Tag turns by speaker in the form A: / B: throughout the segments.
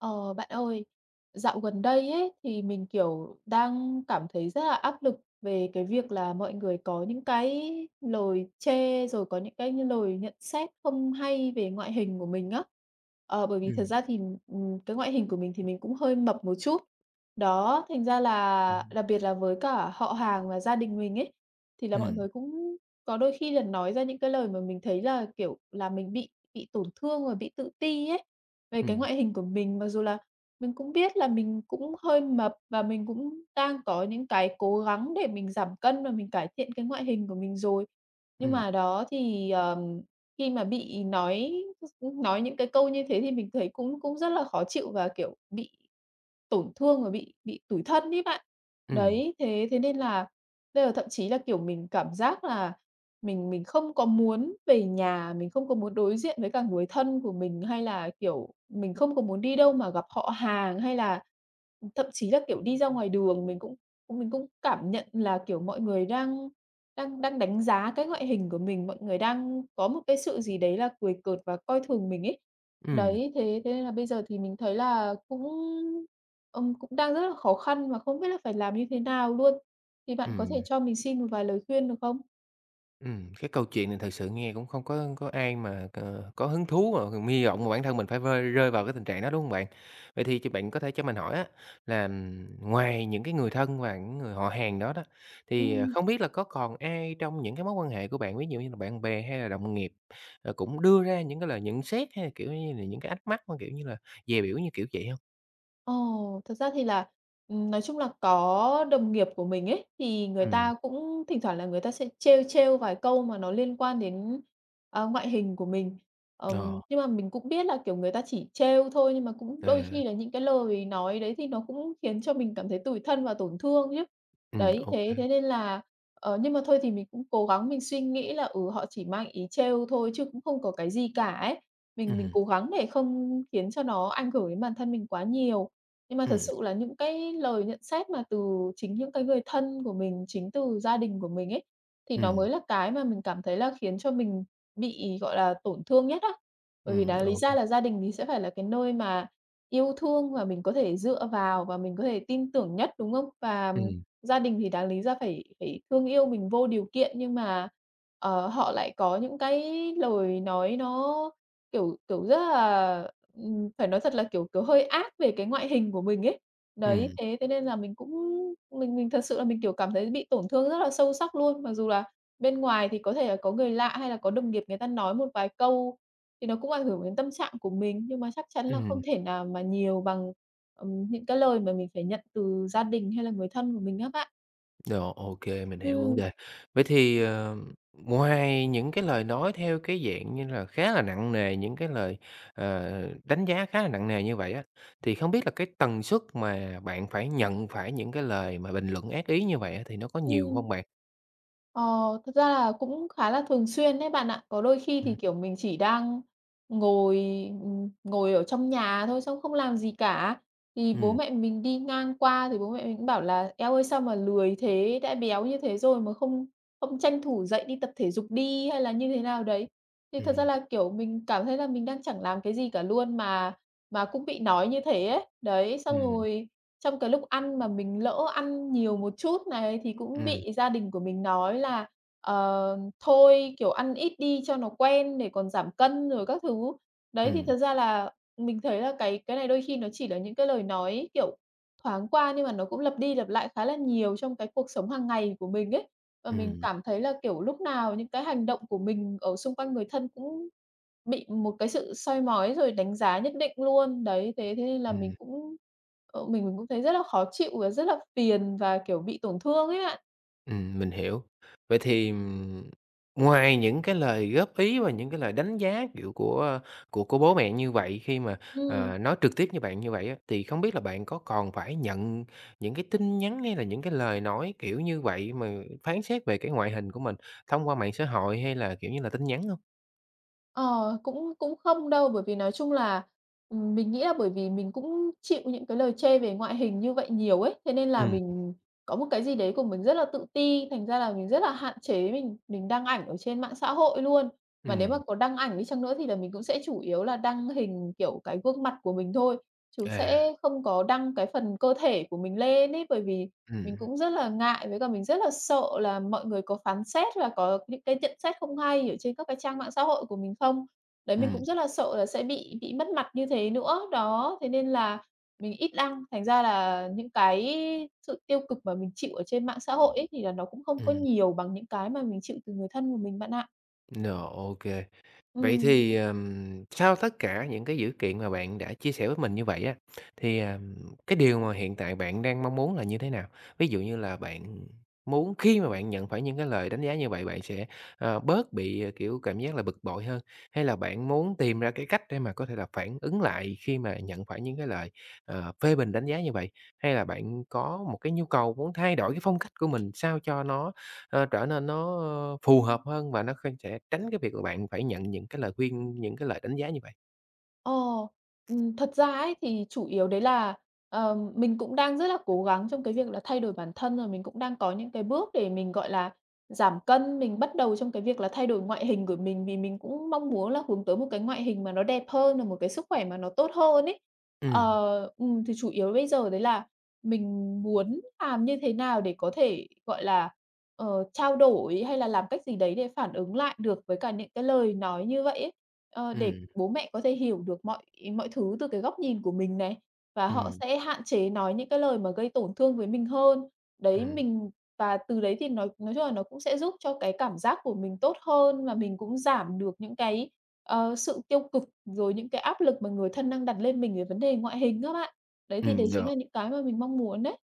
A: Ờ, bạn ơi, dạo gần đây ấy thì mình, kiểu, đang cảm thấy rất là áp lực về cái việc là mọi người có những cái lời chê, rồi có những cái như lời nhận xét không hay về ngoại hình của mình á. Ờ, bởi vì thật
B: Ừm.
A: ra thì, ừm, ừm, cái ngoại hình của mình thì mình cũng hơi mập một chút. Đó, thành ra
B: Ừm
A: là
B: hưm.
A: đặc biệt là với cả họ hàng và gia đình mình ấy, thì là mọi
B: Ừm.
A: người cũng có đôi khi là nói ra những cái lời mà mình thấy là, kiểu, là mình bị bị tổn thương và bị tự ti ấy, về cái
B: Ừm.
A: ngoại hình của mình, mặc dù là mình cũng biết là mình cũng hơi mập và mình cũng đang có những cái cố gắng để mình giảm cân và mình cải thiện cái ngoại hình của mình rồi. Nhưng
B: Ừm.
A: mà đó thì, ờ, khi mà bị nói [unintelligible] nói những cái câu như thế thì mình thấy cũng cũng rất là khó chịu và, kiểu, bị tổn thương và bị bị tủi thân ấy bạn.
B: Ừm.
A: Đấy, thế thế nên là đây là thậm chí là, kiểu, mình cảm giác là mình mình không có muốn về nhà, mình không có muốn đối diện với cả người thân của mình, hay là, kiểu, mình không có muốn đi đâu mà gặp họ hàng, hay là thậm chí là, kiểu, đi ra ngoài đường mình cũng mình cũng cảm nhận là, kiểu, mọi người đang đang đang đánh giá cái ngoại hình của mình, mọi người đang có một cái sự gì đấy là cười cợt và coi thường mình ấy.
B: Ừm.
A: Đấy, thế thế nên là bây giờ thì mình thấy là cũng, ừ, cũng đang rất là khó khăn và không biết là phải làm như thế nào luôn. Thì bạn có thể
B: Ừm.
A: cho mình xin một vài lời khuyên được không?
B: Ừm, cái câu chuyện này thật sự nghe cũng không có có ai mà c có hứng thú mà còn hy vọng mà bản thân mình phải vơi rơi vào cái tình trạng đó, đúng hông bạn? Vậy thì ch bạn có thể cho mình hỏi á, là, ừm, ngoài những cái người thân và những người họ hàng đó đó, thì, ờ,
A: Ừm.
B: không biết là có còn ai trong những cái mối quan hệ của bạn, ví dụ như là bạn bè hay là đồng nghiệp, ờ, cũng đưa ra những cái lời nhận xét, hay là, kiểu như là, những cái ánh mắt mà, kiểu như là, dè bỉu như kiểu vậy hông?
A: Ồ, thật ra thì là, ừm, nói chung là có đồng nghiệp của mình ấy, thì người
B: Ừm.
A: ta cũng thỉnh thoảng là người ta sẽ trêu, trêu vài câu mà nó liên quan đến, à, ngoại hình của mình. Ừm,
B: Ờ.
A: nhưng mà mình cũng biết là, kiểu, người ta chỉ trêu thôi, nhưng mà cũng đôi
B: À.
A: khi là những cái lời nói đấy thì nó cũng khiến cho mình cảm thấy tủi thân và tổn thương nhá.
B: Ừm,
A: Đấy, thế
B: OK.
A: thế nên là, ờ, nhưng mà thôi thì mình cũng cố gắng mình suy nghĩ là, ừ, họ chỉ mang ý trêu thôi, chứ cũng không có cái gì cả ấy, mình mình
B: Ừm.
A: cố gắng để không khiến cho nó ảnh hưởng đến bản thân mình quá nhiều. Nhưng mà thật
B: Ừm.
A: sự là những cái lời nhận xét mà từ chính những cái người thân của mình, chính từ gia đình của mình ấy, thì nó
B: Ừm.
A: mới là cái mà mình cảm thấy là khiến cho mình bị, gọi là, tổn thương nhất á. Bởi vì
B: Ừm,
A: đáng lý
B: OK.
A: ra là gia đình thì sẽ phải là cái nơi mà yêu thương và mình có thể dựa vào, và mình có thể tin tưởng nhất, đúng không? Và, ừm,
B: Ừm.
A: gia đình thì đáng lý ra phải phải thương yêu mình vô điều kiện, nhưng mà, ờ, họ lại có những cái lời nói nó, kiểu, kiểu, rất là, ừm, phải nói thật là, kiểu, kiểu, hơi ác về cái ngoại hình của mình ấy. Đấy,
B: Ừm.
A: thế thế nên là mình cũng mình mình thật sự là mình, kiểu, cảm thấy bị tổn thương rất là sâu sắc luôn. Mặc dù là bên ngoài thì có thể là có người lạ, hay là có đồng nghiệp người ta nói một vài câu, thì nó cũng ảnh hưởng đến tâm trạng của mình, nhưng mà chắc chắn là
B: Ừm.
A: không thể nào mà nhiều bằng, ừm, những cái lời mà mình phải nhận từ gia đình, hay là người thân của mình á bạn.
B: Rồi, OK, mình hiểu vấn
A: Ừm.
B: đề. Vậy thì, ờ, ngoài những cái lời nói theo cái dạng như là khá là nặng nề, những cái lời, ờ, đánh giá khá là nặng nề như vậy á, thì không biết là cái tần suất mà bạn phải nhận phải những cái lời mà bình luận ác ý như vậy á thì nó có nhiều
A: Ừm.
B: hông bạn?
A: Ờ, thực ra là cũng khá là thường xuyên đấy bạn ạ. Có đôi khi
B: Ừm.
A: thì, kiểu, mình chỉ đang ngồi, ừm, ngồi ở trong nhà thôi xong không làm gì cả, thì bố
B: Ừm.
A: mẹ mình đi ngang qua thì bố mẹ mình cũng bảo là "Eo ơi, sao mà lười thế, đã béo như thế rồi mà không không tranh thủ dậy đi tập thể dục đi hay là như thế nào đấy." Thì
B: Ừm,
A: thật ra
B: ừm.
A: là, kiểu, mình cảm thấy là mình đang chẳng làm cái gì cả luôn mà mà cũng bị nói như thế ấy. Đấy, xong
B: Ừm.
A: rồi trong cái lúc ăn mà mình lỡ ăn nhiều một chút này thì cũng
B: Ừm.
A: bị gia đình của mình nói là, ờ, "Thôi, kiểu, ăn ít đi cho nó quen để còn giảm cân rồi các thứ." Đấy, thì
B: Ừm.
A: thật ra là mình thấy là cái cái này đôi khi nó chỉ là những cái lời nói, kiểu, thoáng qua, nhưng mà nó cũng lặp đi lặp lại khá là nhiều trong cái cuộc sống hàng ngày của mình ấy và mình
B: Ừm.
A: cảm thấy là, kiểu, lúc nào những cái hành động của mình ở xung quanh người thân cũng bị một cái sự soi mói, rồi đánh giá nhất định luôn. Đấy, thế thế nên là mình
B: Ừm.
A: cũng, ờ, mình mình cũng thấy rất là khó chịu và rất là phiền và, kiểu, bị tổn thương ấy bạn.
B: Ừm, mình hiểu, vậy thì, ừm, ngoài những cái lời góp ý và những cái lời đánh giá, kiểu, của của của bố mẹ như vậy khi mà,
A: Ừm.
B: à, nói trực tiếp với bạn như vậy á, thì không biết là bạn có còn phải nhận những cái tin nhắn, hay là những cái lời nói kiểu như vậy mà phán xét về cái ngoại hình của mình thông qua mạng xã hội hay là, kiểu như là, tin nhắn hông?
A: Ờ, cũng cũng không đâu bởi vì nói chung là ừm, mình nghĩ là bởi vì mình cũng chịu những cái lời chê về ngoại hình như vậy nhiều ấy, thế nên là
B: Ừm.
A: mình có một cái gì đấy của mình rất là tự ti, thành ra là mình rất là hạn chế mình mình đăng ảnh ở trên mạng xã hội luôn. Mà nếu mà
B: Ừm.
A: có đăng ảnh đi chăng nữa thì là mình cũng sẽ chủ yếu là đăng hình, kiểu, cái gương mặt của mình thôi, chứ
B: À.
A: sẽ không có đăng cái phần cơ thể của mình lên ấy, bởi vì mình
B: Ừm.
A: cũng rất là ngại với cả mình rất là sợ là mọi người có phán xét và có những cái nhận xét không hay ở trên các cái trang mạng xã hội của mình không. Đấy mình
B: Ừm.
A: cũng rất là sợ là sẽ bị bị mất mặt như thế nữa, đó, thế nên là mình ít đăng thành ra là những cái sự tiêu cực mà mình chịu ở trên mạng xã hội ấy, thì là nó cũng không có
B: Ừm.
A: nhiều bằng những cái mà mình chịu từ người thân của mình bạn ạ.
B: Rồi, ô kê. Vậy
A: Ừm.
B: thì, ờm, sau tất cả những cái dữ kiện mà bạn đã chia sẻ với mình như vậy á, thì, ờm, cái điều mà hiện tại bạn đang mong muốn là như thế nào? Ví dụ như là bạn muốn khi mà bạn nhận phải những cái lời đánh giá như vậy bạn sẽ, ờ, bớt bị, à, kiểu, cảm giác là bực bội hơn? Hay là bạn muốn tìm ra cái cách để mà có thể là phản ứng lại khi mà nhận phải những cái lời, ờ, phê bình đánh giá như vậy? Hay là bạn có một cái nhu cầu muốn thay đổi cái phong cách của mình sao cho nó, ơ, trở nên nó phù hợp hơn và nó không sẽ tránh cái việc là bạn phải nhận những cái lời khuyên, những cái lời đánh giá như vậy?
A: Ờ. Ừm, thật ra ấy thì chủ yếu đấy là, ờm, mình cũng đang rất là cố gắng trong cái việc là thay đổi bản thân, à, mình cũng đang có những cái bước để mình, gọi là, giảm cân, mình bắt đầu trong cái việc là thay đổi ngoại hình của mình vì mình cũng mong muốn là hướng tới một cái ngoại hình mà nó đẹp hơn, rồi một cái sức khỏe mà nó tốt hơn ấy.
B: Ừm.
A: Ờ, ừm, thì chủ yếu bây giờ đấy là mình muốn làm như thế nào để có thể, gọi là, ờ, trao đổi hay là làm cách gì đấy để phản ứng lại được với cả những cái lời nói như vậy ấy, ờ, để
B: Ừm.
A: bố mẹ có thể hiểu được mọi mọi thứ từ cái góc nhìn của mình này, và họ
B: Ừm.
A: sẽ hạn chế nói những cái lời mà gây tổn thương với mình hơn. Đấy,
B: Ừm.
A: mình và từ đấy thì nói nói chung là nó cũng sẽ giúp cho cái cảm giác của mình tốt hơn và mình cũng giảm được những cái, ờ, sự tiêu cực rồi những cái áp lực mà người thân đang đặt lên mình về vấn đề ngoại hình á bạn. Đấy thì đấy
B: Ừm,
A: chính
B: được.
A: là những cái mà mình mong muốn đấy.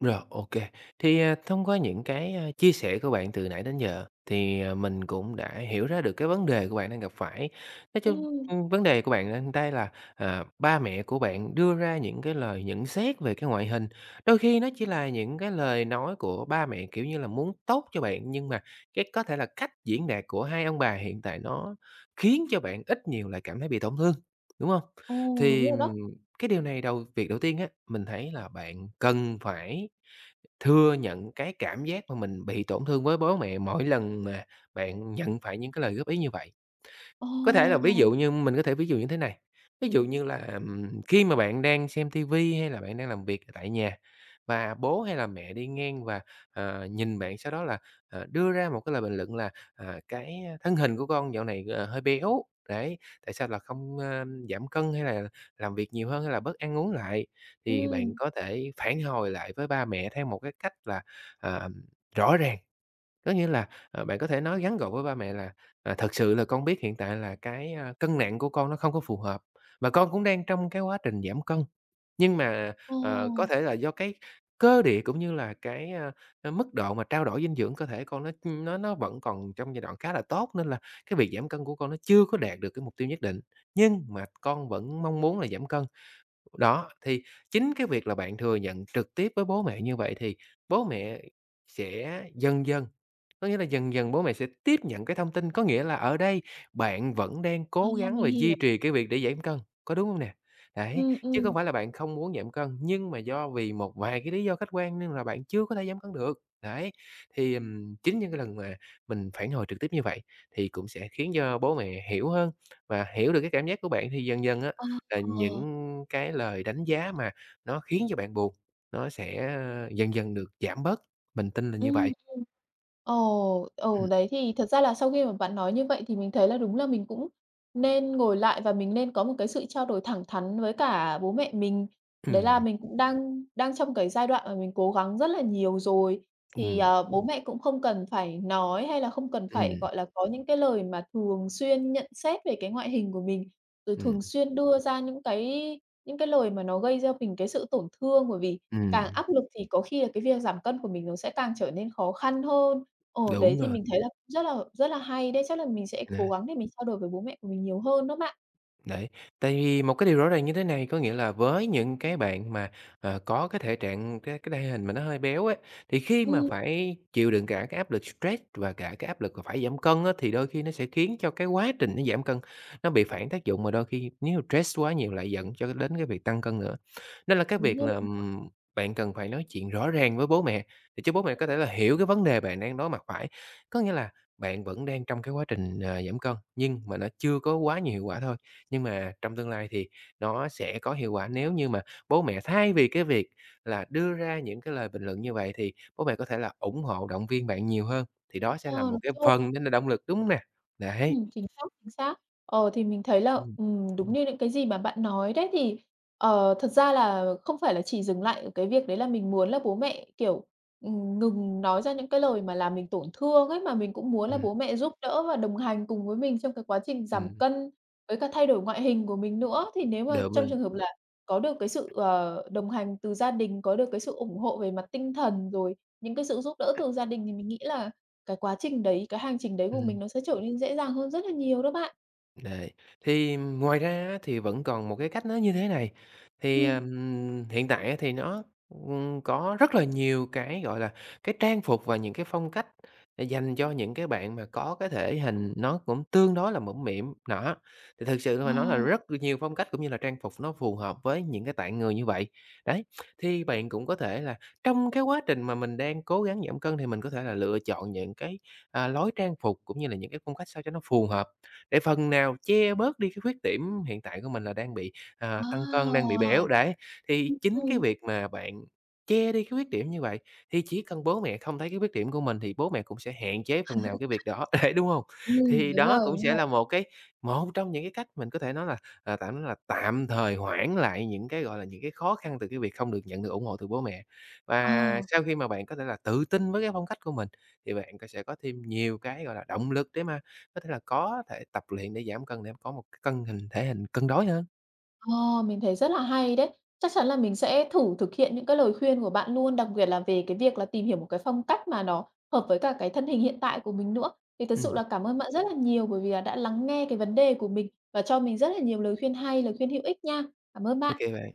B: Rồi, OK. Thì, à, thông qua những cái, a, chia sẻ của bạn từ nãy đến giờ thì, à, mình cũng đã hiểu ra được cái vấn đề của bạn đang gặp phải. Nói chung,
A: Ừm.
B: ưm, vấn đề của bạn ở đây là, à, ba mẹ của bạn đưa ra những cái lời nhận xét về cái ngoại hình, đôi khi nó chỉ là những cái lời nói của ba mẹ, kiểu như là, muốn tốt cho bạn, nhưng mà cái có thể là cách diễn đạt của hai ông bà hiện tại nó khiến cho bạn ít nhiều lại cảm thấy bị tổn thương, đúng hông?
A: Ồ, đúng
B: Thì,
A: rồi đó.
B: ừm, cái điều này đầu việc đầu tiên á, mình thấy là bạn cần phải thừa nhận cái cảm giác mà mình bị tổn thương với bố mẹ mỗi lần mà bạn nhận phải những cái lời góp ý như vậy. Có thể là ví dụ
A: Ồ!
B: như mình có thể ví dụ như thế này, ví dụ như là, ừm, khi mà bạn đang xem TV, hay là bạn đang làm việc tại nhà và bố hay là mẹ đi ngang và, à, nhìn bạn sau đó là, à, đưa ra một cái lời bình luận là, à, "Cái, a, thân hình của con dạo này, ờ, hơi béo, đấy, tại sao là không, a, giảm cân, hay là làm việc nhiều hơn, hay là bớt ăn uống lại?" Thì bạn
A: Ừm.
B: có thể phản hồi lại với ba mẹ theo một cái cách là, ờm, rõ ràng. Có nghĩa là, à, bạn có thể nói ngắn gọi với ba mẹ là, à, "Thật sự là con biết hiện tại là cái, a, cân nặng của con nó không có phù hợp và con cũng đang trong cái quá trình giảm cân, nhưng mà, ờ, có
A: Ồ.
B: thể là do cái cơ địa cũng như là cái, a, à, mức độ mà trao đổi dinh dưỡng cơ thể con nó, ưm, nó nó vẫn còn trong giai đoạn khá là tốt. Nên là cái việc giảm cân của con nó chưa có đạt được cái mục tiêu nhất định, nhưng mà con vẫn mong muốn là giảm cân." Đó, thì chính cái việc là bạn thừa nhận trực tiếp với bố mẹ như vậy thì bố mẹ sẽ dần dần có nghĩa là dần dần bố mẹ sẽ tiếp nhận cái thông tin, có nghĩa là ở đây bạn vẫn đang
A: Ờ,
B: cố gắng
A: mình
B: và duy
A: hiểu.
B: trì cái việc để giản cân, có đúng hông nè? Đấy,
A: Ừm,
B: chứ
A: ừm.
B: không phải là bạn không muốn giảm cân, nhưng mà do vì một vài cái lý do khách quan, nên là bạn chưa có thể giảm cân được. Đấy. Thì, ừm, chính những cái lần mà mình phản hồi trực tiếp như vậy thì cũng sẽ khiến cho bố mẹ hiểu hơn và hiểu được cái cảm giác của bạn thì dần dần á
A: Ờ.
B: là
A: Ờ.
B: những cái lời đánh giá mà nó khiến cho bạn buồn, nó sẽ, a, dần dần được giảm bớt. Mình tin là
A: Ừm,
B: như
A: ừm.
B: vậy.
A: Ồ, ừ,
B: [unintelligible]
A: đấy thì thật ra là sau khi mà bạn nói như vậy thì mình thấy là đúng là mình cũng nên ngồi lại và mình nên có một cái sự trao đổi thẳng thắn với cả bố mẹ mình. Đấy là
B: Ừm.
A: mình cũng đang đang trong cái giai đoạn mà mình cố gắng rất là nhiều rồi, thì,
B: Ừm.
A: ờ, bố mẹ cũng không cần phải nói hay là không cần phải,
B: Ừm.
A: gọi là, có những cái lời mà thường xuyên nhận xét về cái ngoại hình của mình, rồi thường
B: [unintelligible]
A: xuyên đưa ra những cái những cái lời mà nó gây cho mình cái sự tổn thương, bởi vì càng
B: Ừm.
A: áp lực thì có khi là cái việc giảm cân của mình nó sẽ càng trở nên khó khăn hơn. Ờ, đấy
B: Đúng
A: thì
B: rồi.
A: mình thấy là rất là rất là hay đấy, chắc là mình sẽ
B: À.
A: cố gắng để mình trao đổi với bố mẹ của mình nhiều hơn đó bạn.
B: Đấy. Tại vì một cái điều rõ ràng như thế này, có nghĩa là với những cái bạn mà, ờ, có cái thể trạng, cái cái thể hình mà nó hơi béo ấy, thì khi mà
A: Ừm.
B: phải chịu đựng cả cái áp lực stress và cả cái áp lực mà phải giảm cân á, thì đôi khi nó sẽ khiến cho cái quá trình nó giảm cân nó bị phản tác dụng và đôi khi nếu mà stress quá nhiều lại dẫn cho đến cái việc tăng cân nữa. Nên là cái
A: Đúng
B: việc là,
A: rồi đó.
B: ừm, bạn cần phải nói chuyện rõ ràng với bố mẹ để cho bố mẹ có thể là hiểu cái vấn đề bạn đang đối mặt phải, có nghĩa là bạn vẫn đang trong cái quá trình, à, giảm cân, nhưng mà nó chưa có quá nhiều hiệu quả thôi. Nhưng mà trong tương lai thì nó sẽ có hiệu quả nếu như mà bố mẹ thay vì cái việc là đưa ra những cái lời bình luận như vậy, thì bố mẹ có thể là ủng hộ động viên bạn nhiều hơn. Thì đó sẽ là
A: Ờ,
B: một
A: đúng
B: cái
A: rồi.
B: phần nên là động lực, đúng hông nè? Đấy.
A: Ừm, chính xác, chính xác. Ờ, thì mình thấy là,
B: Ừm.
A: ừm, đúng như những cái gì mà bạn nói đấy thì, ờ, thật ra là không phải là chỉ dừng lại ở cái việc đấy là mình muốn là bố mẹ, kiểu, ừm, ngừng nói ra những cái lời mà làm mình tổn thương ấy, mà mình cũng muốn là
B: Ừm.
A: bố mẹ giúp đỡ và đồng hành cùng với mình trong cái quá trình giảm
B: Ừm.
A: cân, với cả thay đổi ngoại hình của mình nữa. Thì nếu mà trong trường
B: [unintelligible]
A: hợp là có được cái sự, ờ, đồng hành từ gia đình, có được cái sự ủng hộ về mặt tinh thần, rồi những cái sự giúp đỡ từ gia đình thì mình nghĩ là cái quá trình đấy, cái hành trình đấy của mình
B: Ừm.
A: nó sẽ trở nên dễ dàng hơn rất là nhiều đó bạn.
B: Đây. Thì, ừm, ngoài ra á thì vẫn còn một cái cách nó như thế này. Thì,
A: Ừm.
B: ừm, hiện tại á thì nó, ừm, có rất là nhiều cái, gọi là, cái trang phục và những cái phong cách để dành cho những cái bạn mà có cái thể hình nó cũng tương đối là mũm mĩm, nó thì thực sự
A: Ờ.
B: mà nói là rất là nhiều phong cách, cũng như là trang phục nó phù hợp với những cái tạng người như vậy. Đấy, thì bạn cũng có thể là trong cái quá trình mà mình đang cố gắng giảm cân thì mình có thể là lựa chọn những cái, à, lối trang phục, cũng như là những cái phong cách sao cho nó phù hợp để phần nào che bớt đi cái khuyết điểm hiện tại của mình là đang bị, à,
A: Ờ!
B: tăng cân, đang bị béo đấy. Thì
A: Ừm,
B: chính cái
A: ừm.
B: việc mà bạn che đi cái khuyết điểm như vậy, thì chỉ cần bố mẹ không thấy cái khuyết điểm của mình thì bố mẹ cũng sẽ hạn chế phần nào cái việc đó, đấy đúng hông?
A: Ừm,
B: Thì
A: đúng rồi,
B: đó cũng
A: đúng
B: sẽ
A: rồi.
B: là một cái một trong những cái cách mình có thể nói là, à, tạm nói là tạm thời hoãn lại những cái, gọi là, những cái khó khăn từ cái việc không được nhận được ủng hộ từ bố mẹ.
A: Ờ.
B: Và sau khi mà bạn có thể là tự tin với cái phong cách của mình, thì bạn co sẽ có thêm nhiều cái, gọi là, động lực để mà có thể là có thể tập luyện để giảm cân để có một cân hình thể hình cân đối hơn.
A: Ờ, mình thấy rất là hay đấy. Chắc chắn là mình sẽ thử thực hiện những cái lời khuyên của bạn luôn, đặc biệt là về cái việc là tìm hiểu một cái phong cách mà nó hợp với cả cái thân hình hiện tại của mình nữa. Thì thực sự
B: Ừm.
A: là cảm ơn bạn rất là nhiều, bởi vì là đã lắng nghe cái vấn đề của mình và cho mình rất là nhiều lời khuyên hay, lời khuyên hữu ích nha. Cảm ơn
B: Ô
A: bạn.
B: kê bạn.